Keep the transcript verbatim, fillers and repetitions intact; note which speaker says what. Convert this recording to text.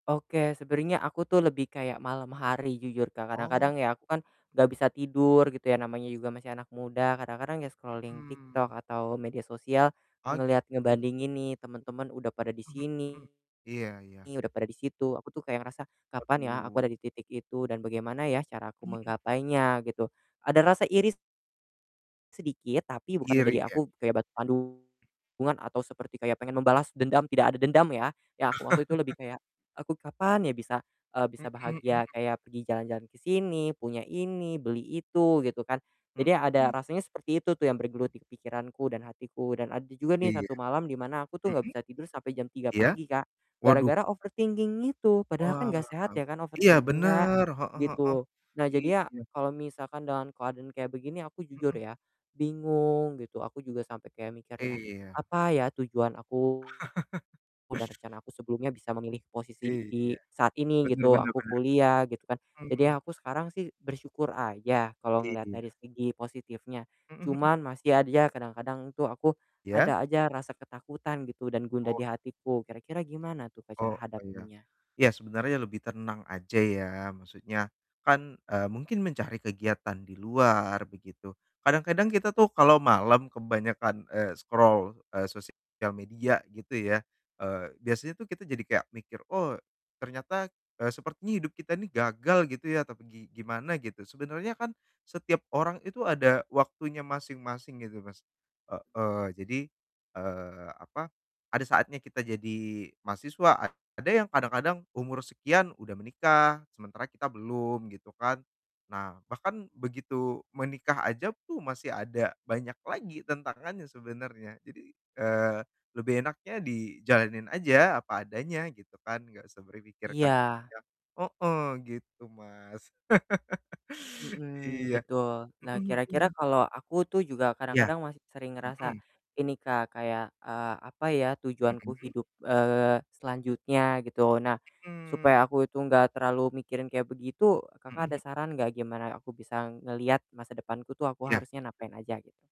Speaker 1: Oke, sebenarnya aku tuh lebih kayak malam hari jujur Kak,
Speaker 2: Oh.
Speaker 1: kadang-kadang ya aku kan
Speaker 2: Mhm.
Speaker 1: nggak bisa tidur gitu ya, namanya juga masih anak muda, kadang-kadang ya scrolling
Speaker 2: Mhm.
Speaker 1: TikTok atau media sosial
Speaker 2: Ah,
Speaker 1: ngelihat
Speaker 2: gitu.
Speaker 1: ngebandingin nih, temen-temen udah pada di
Speaker 2: Mhm mhm,
Speaker 1: sini,
Speaker 2: iya iya.
Speaker 1: udah pada di situ, aku tuh kayak ngerasa, "Kapan ya aku
Speaker 2: Waduh.
Speaker 1: ada di titik itu dan bagaimana ya cara aku
Speaker 2: Mhm.
Speaker 1: menggapainya?" gitu, ada rasa iri sedikit, tapi bukan
Speaker 2: Iri
Speaker 1: menjadi
Speaker 2: ya?
Speaker 1: aku kayak batu [unintelligible] atau seperti kayak pengen membalas dendam, tidak ada dendam ya, yang aku maksud itu lebih kayak, aku kapan ya bisa, eee,
Speaker 2: Mhm
Speaker 1: bisa
Speaker 2: mhm mhm.
Speaker 1: bahagia kayak pergi jalan-jalan ke sini, punya ini, beli itu, gitu kan. Jadi, ada
Speaker 2: Mhm.
Speaker 1: rasanya seperti itu tuh yang bergelut di pikiranku dan hatiku, dan ada juga nih
Speaker 2: Iya,
Speaker 1: satu malam di mana aku tuh nggak
Speaker 2: mhm?
Speaker 1: bisa tidur sampai jam tiga
Speaker 2: Iya?
Speaker 1: pagi Kak,
Speaker 2: Waduh.
Speaker 1: gara-gara overthinking itu, padahal kan
Speaker 2: Wah,
Speaker 1: nggak sehat ya kan
Speaker 2: iya
Speaker 1: overthinking, Kak,
Speaker 2: bener, heeh heeh,
Speaker 1: gitu. Nah, jadinya
Speaker 2: iya.
Speaker 1: kalau misalkan dengan keadaan kayak begini aku jujur
Speaker 2: Mhm.
Speaker 1: ya, bingung gitu, aku juga sampai kayak mikir ya,
Speaker 2: Iya.
Speaker 1: apa ya tujuan aku, udah rencana aku sebelumnya bisa memilih posisi di di
Speaker 2: Iya,
Speaker 1: saat ini
Speaker 2: benar
Speaker 1: gitu,
Speaker 2: benar
Speaker 1: aku
Speaker 2: benar.
Speaker 1: kuliah, gitu kan. Jadi,
Speaker 2: Mmm.
Speaker 1: aku sekarang sih bersyukur aja kalau ngelihat dari
Speaker 2: Iya.
Speaker 1: segi positifnya,
Speaker 2: Mhm mhm.
Speaker 1: cuman masih adja kadang-kadang tuh aku
Speaker 2: Iya?
Speaker 1: ada aja rasa ketakutan gitu dan gundah
Speaker 2: Oh.
Speaker 1: dihatiku. Kira-kira gimana tuh Kak,
Speaker 2: Oh
Speaker 1: cara
Speaker 2: iya.
Speaker 1: hadapinnya?
Speaker 2: Iya, sebenarnya lebih tenang aja ya, maksudnya kan, eee, mungkin mencari kegiatan di luar begitu. Kadang-kadang kita tuh kalo malam kebanyakan, eee, scroll, eee, sosial media gitu ya, eee, biasanya tuh kita jadi kayak mikir, "Oh ternyata, eee, sepertinya hidup kita ini gagal" gitu ya tapi gi gimana, gitu. Sebenernya kan setiap orang itu ada waktunya masing-masing gitu, Mas. Heeh, jadi, eee, apa, ada saatnya kita jadi mahasiswa, ad ada yang kadang-kadang umur sekian udah menikah sementara kita belum, gitu kan. Nah, bahkan begitu menikah aja pu masih ada banyak lagi tantangannya sebenernya, jadi, eee, lebih enaknya dijalanin aja apa adanya gitu kan, nggak usah berpikir ke
Speaker 1: Iya.
Speaker 2: depannya heeh, gitu, Mas.
Speaker 1: Mhm,
Speaker 2: Iya.
Speaker 1: betul. Nah,
Speaker 2: Mhm
Speaker 1: kira-kira
Speaker 2: mhm.
Speaker 1: kalau aku tuh juga
Speaker 2: Iya.
Speaker 1: kadang-kadang masih sering ngerasa
Speaker 2: Mhm.
Speaker 1: ini, Kak, kayak, eee, "Apa ya tujuanku
Speaker 2: Mhm?
Speaker 1: hidup, eee, selanjutnya?" Gitu. Oh nah,
Speaker 2: Mhm.
Speaker 1: supaya aku itu nggak terlalu mikirin kayak begitu, Kakak ada
Speaker 2: Mhm.
Speaker 1: saran nggak gimana ya aku bisa ngelihat masa depanku tuh, aku
Speaker 2: Iya.
Speaker 1: harusnya ngapain aja, gitu?